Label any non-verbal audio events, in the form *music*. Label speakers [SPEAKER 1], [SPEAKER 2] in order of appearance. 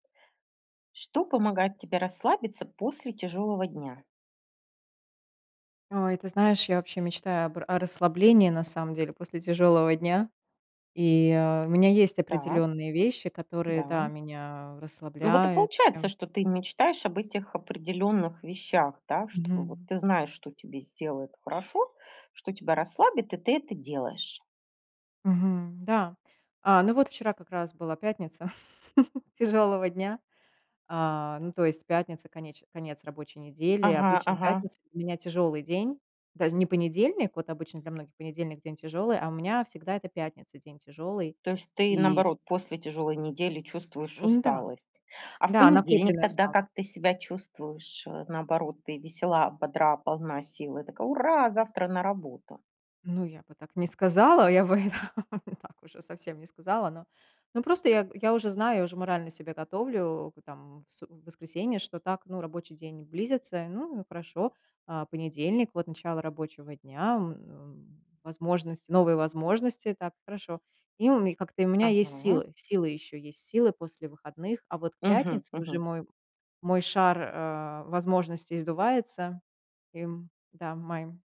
[SPEAKER 1] Что помогает тебе расслабиться после тяжёлого дня?
[SPEAKER 2] Ой, ты знаешь, я вообще мечтаю об о расслаблении на самом деле после тяжёлого дня. И у меня есть
[SPEAKER 1] Так.
[SPEAKER 2] определённые вещи, которые, да,
[SPEAKER 1] Да.
[SPEAKER 2] меня
[SPEAKER 1] Ну вот и
[SPEAKER 2] расслабляют
[SPEAKER 1] получается,
[SPEAKER 2] прям.
[SPEAKER 1] что ты мечтаешь об этих определённых вещах, да? Чтобы вот,
[SPEAKER 2] Мгм.
[SPEAKER 1] ты знаешь, что тебе сделает хорошо, что тебя расслабит, и ты это делаешь.
[SPEAKER 2] Мгм, да. А, ну, вот вчера как раз была пятница *chuckles* тяжёлого дня. А, ну, то есть, пятница, конеч конец рабочей недели.
[SPEAKER 1] Ага,
[SPEAKER 2] Обычно
[SPEAKER 1] ага.
[SPEAKER 2] пятница у меня тяжёлый день. Даже не понедельник, вот обычно для многих понедельник- день тяжёлый, а у меня всегда это пятница- день тяжёлый,
[SPEAKER 1] То есть ты,
[SPEAKER 2] и
[SPEAKER 1] наоборот, после тяжелой недели чувствуешь
[SPEAKER 2] Ну да,
[SPEAKER 1] усталость. А в
[SPEAKER 2] да,
[SPEAKER 1] понедельник
[SPEAKER 2] накопленная
[SPEAKER 1] тогда
[SPEAKER 2] усталость.
[SPEAKER 1] как ты себя чувствуешь? Э, наоборот, ты весела, бодра, полна сил, и такая: "Ура, завтра на работу!".
[SPEAKER 2] Ну, я бы так не сказала, я бы *laughs* это так уже совсем не сказала, но, ну, просто я г я уже знаю, я уже морально себя готовлю к там в су в воскресенье, что так, ну, рабочий день близится, ну, и хорошо. А, понедельник- вот начало рабочего дня, м, в возможности, новые возможности, так, хорошо. И у ме как-то у меня есть
[SPEAKER 1] Ага.
[SPEAKER 2] силы силы ещё есть, силы после выходных. А вот к
[SPEAKER 1] Мгм,
[SPEAKER 2] пятнице уже
[SPEAKER 1] мгм.
[SPEAKER 2] мой мой шар, э, возможностей сдувается. И, м, да, моим